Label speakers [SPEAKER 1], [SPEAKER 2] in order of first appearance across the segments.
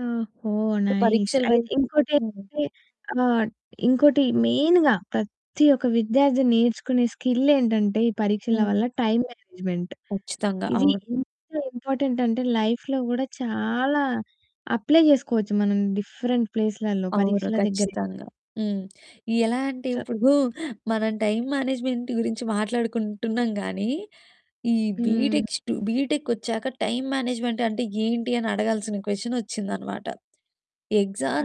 [SPEAKER 1] ఓహో! నైస్
[SPEAKER 2] పరీక్షల వైపు.
[SPEAKER 1] అయితే
[SPEAKER 2] హ్మ్.
[SPEAKER 1] ఇంకోటేంటంటే, ఆహ్, ఇంకోటి మెయిన్‌గా ప్రతి ఒక్క విద్యార్థి నేర్చుకునే స్కిల్ ఏంటంటే ఈ పరీక్షల
[SPEAKER 2] హ్మ్.
[SPEAKER 1] వల్ల టైమ్ మేనేజ్మెంట్
[SPEAKER 2] ఖచ్చితంగా.
[SPEAKER 1] ఇది
[SPEAKER 2] అవును.
[SPEAKER 1] ఎంత ఇంపార్టెంట్ అంటే లైఫ్‌లో కూడా చాలా అప్లై చేసుకోవచ్చు మనం డిఫరెంట్ ప్లేస్‌లలో
[SPEAKER 2] అవును.
[SPEAKER 1] పరీక్షల దగ్గరే కా
[SPEAKER 2] ఖచ్చితంగా. హ్మ్. ఎలా అంటే
[SPEAKER 1] చ
[SPEAKER 2] ఇప్పుడు మనం టైమ్ మేనేజ్మెంట్ గురించి మాట్లాడుకుంటున్నాం గానీ ఈ
[SPEAKER 1] హ్మ్.
[SPEAKER 2] బీటెక్ స్టు బీటెక్ వచ్చాక టైమ్ మేనేజ్మెంట్ అంటే ఏంటి అనడగాల్సిన క్వెషన్ వచ్చిందన్నమాట.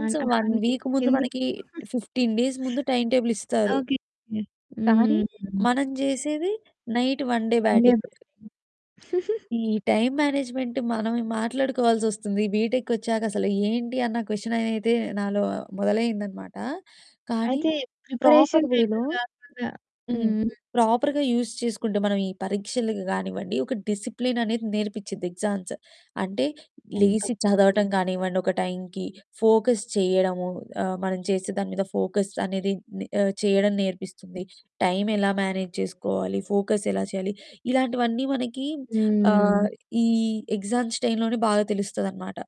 [SPEAKER 1] అం అ
[SPEAKER 2] 1
[SPEAKER 1] అంటే
[SPEAKER 2] వీక్ ముందు
[SPEAKER 1] ఎందు
[SPEAKER 2] మనకి 15 డేస్ ముందు టైమ్ టేబుల్ ఇస్తారు.
[SPEAKER 1] ఓకే.
[SPEAKER 2] కానీ
[SPEAKER 1] హ్మ్.
[SPEAKER 2] మనం జేసేది నైట్ 1 డే బ్యాటింగ్.
[SPEAKER 1] [unintelligible]
[SPEAKER 2] ఈ టైమ్ మేనేజ్మెంట్ మనం మాట్లాడుకోవాల్సొస్తుంది. బీటెక్‌కొచ్చాక అసలు ఏంటి అన్న క్వెషన్ అయితే నాలో మొదలయిందన్నమాట. కానీ
[SPEAKER 1] అయితే
[SPEAKER 2] ప్రాపర్
[SPEAKER 1] ప్రిపరేషన్ టైమ్‌లో
[SPEAKER 2] వేలో
[SPEAKER 1] గాకుండా హ్మ్.
[SPEAKER 2] హ్మ్,
[SPEAKER 1] హ్మ్.
[SPEAKER 2] ప్రాపర్‌గా యూస్ చేసుకుంటే మనం ఈ పరీక్షలకి కానివ్వండి ఒక డిసిప్లిన్ అనేది నేర్పిచ్చిద్ది. ఎగ్జామ్స్ అంటే
[SPEAKER 1] అంత
[SPEAKER 2] లేచి చదవటం కానివ్వండి, ఒక టైంకి ఫోకస్ చేయడము, ఆహ్, మనం చేసే దాని మీద ఫోకస్ అనేది ని ఆహ్, చేయడం నేర్పిస్తుంది. టైం ఎలా మేనేజ్ చేసుకోవాలి, ఫోకస్ ఎలా చేయాలి ఇలాంటివన్నీ మనకి ఆహ్,
[SPEAKER 1] హ్మ్.
[SPEAKER 2] ఈ ఎగ్జామ్స్ టైంలోనే బాగా తెలుస్తదన్నమాట.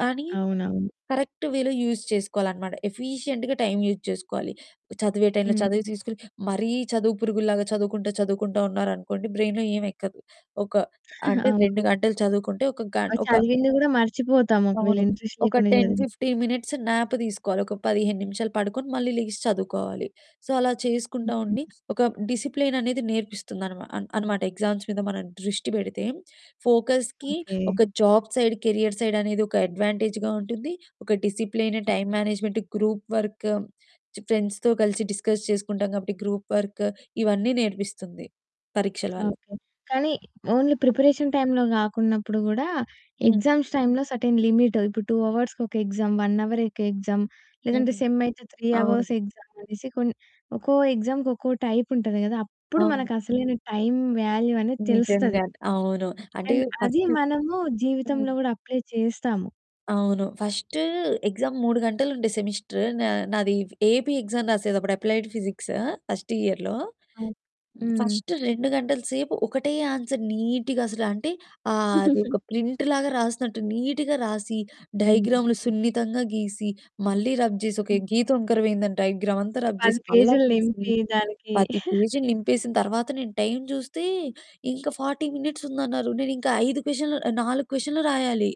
[SPEAKER 2] కానీ
[SPEAKER 1] అవునవును.
[SPEAKER 2] కరెక్ట్ వేలో యూజ్ చేసుకోవాలన్నమాట. ఎఫీషియంట్‌గా టైమ్ యూజ్ చేసుకోవాలి. చదివే టైమ్‌లో
[SPEAKER 1] హ్మ్.
[SPEAKER 2] చదువు తీసుకొని మరీ చదువు పురుగుల్లాగా చదువుకుంట చదువుకుంట ఉన్నారనుకోండి బ్రెయిన్‌లో ఏం ఎక్కదు. ఒక అంటే
[SPEAKER 1] అవు
[SPEAKER 2] 2 గంటలు చదువుకుంటే ఒక గం
[SPEAKER 1] ఆ
[SPEAKER 2] ఒక
[SPEAKER 1] చదివింది గూడా మర్చిపోతాము. ఒకవేళ
[SPEAKER 2] అవును.
[SPEAKER 1] ఇంట్రెస్ట్
[SPEAKER 2] ఒక
[SPEAKER 1] లేకుండా
[SPEAKER 2] టెన్
[SPEAKER 1] చదివి
[SPEAKER 2] ఫిఫ్టీన్ మినిట్స్ న్యాప్ తీసుకోవాలి. ఒక 15 నిమిషాలు పడుకొని మళ్ళీ లెగిసి చదువుకోవాలి. సో అలా చేసుకుంటా ఉండి ఒక డిసిప్లిన్ అనేది నేర్పిస్తుందనమా అన్ అన్నమాట. ఎగ్జామ్స్ మీద మనం దృష్టి పెడితే ఫోకస్‌కి
[SPEAKER 1] ఓకే.
[SPEAKER 2] ఒక జాబ్ సైడ్‌, కెరియర్ సైడ్‌ అనేది ఒక అడ్వాంటేజ్‌గా ఉంటుంది. ఒక discipline, time management, group work, చ్ ఫ్రెండ్స్‌తో కలిసి డిస్కస్ చేసుకుంటాం కాబట్టి గ్రూప్ వర్క్ ఇవన్నీ నేర్పిస్తుంది పరీక్షల వల్ల.
[SPEAKER 1] ఓకే. కానీ ఓన్లీ ప్రిపరేషన్ టైమ్‌లో గాకున్నప్పుడు గూడా
[SPEAKER 2] హ్మ్.
[SPEAKER 1] ఎగ్జామ్స్ టైమ్‌లో సెర్టైన్ లిమిట్ ఇప్పుడు 2 అవర్స్‌కి ఒక ఎక్సామ్, 1 హవర్ ఒక ఎక్సామ్, లేదంటే
[SPEAKER 2] హ్మ్.
[SPEAKER 1] సెమ్ అయితే 3 హవర్స్
[SPEAKER 2] అవును.
[SPEAKER 1] ఎక్సామ్ అనేసి కొన్ ఒక్కో ఎక్సామ్‌కి ఒక్కో టైప్ ఉంటది గదా! అప్పుడు
[SPEAKER 2] అవును.
[SPEAKER 1] మనకు అసలైన టైమ్ వాల్యూ అనేది తెలుస్తది.
[SPEAKER 2] నిజంగా. అవును. అంటే
[SPEAKER 1] అండ్ అది
[SPEAKER 2] ఫస్ట్
[SPEAKER 1] మనము
[SPEAKER 2] హ్మ్.
[SPEAKER 1] జీవితంలో గూడా అప్లై చేస్తాము.
[SPEAKER 2] అవును. ఫస్ట్ ఎగ్జామ్ 3 గంటలు ఉండే సెమిస్టర్ నా నాది. ఏపీ ఎగ్జామ్ రాసేది. అప్పుడు అప్లైడ్ ఫిజిక్స్ ఫస్ట్ ఇయర్‌లో.
[SPEAKER 1] హ్మ్.
[SPEAKER 2] ఫస్ట్ 2 గంటల సేపు ఒకటే ఆన్సర్ నీట్‌గా, అసలు అంటే ఆహ్, అది ఒక ప్రింట్ లాగా రాసినట్టు నీట్‌గా రాసి,
[SPEAKER 1] హ్మ్.
[SPEAKER 2] డైగ్రాములు సున్నితంగా గీసి, మళ్ళీ రబ్ చేసి, ఒక గీత వంకర అయిందని డైగ్రామ్ అంతా
[SPEAKER 1] ఒక
[SPEAKER 2] రబ్
[SPEAKER 1] 10
[SPEAKER 2] చేసి మళ్ళా
[SPEAKER 1] పేజీలు
[SPEAKER 2] గీసి
[SPEAKER 1] నింపి దానికి
[SPEAKER 2] 10 పేజీలు నింపేసిన తర్వాత నేను టైమ్ జూస్తే ఇంకా 40 మినిట్స్ ఉందన్నారు. నేను ఇంకా 5 క్వెషన్లు, 4 క్వెషన్లు రాయాలి.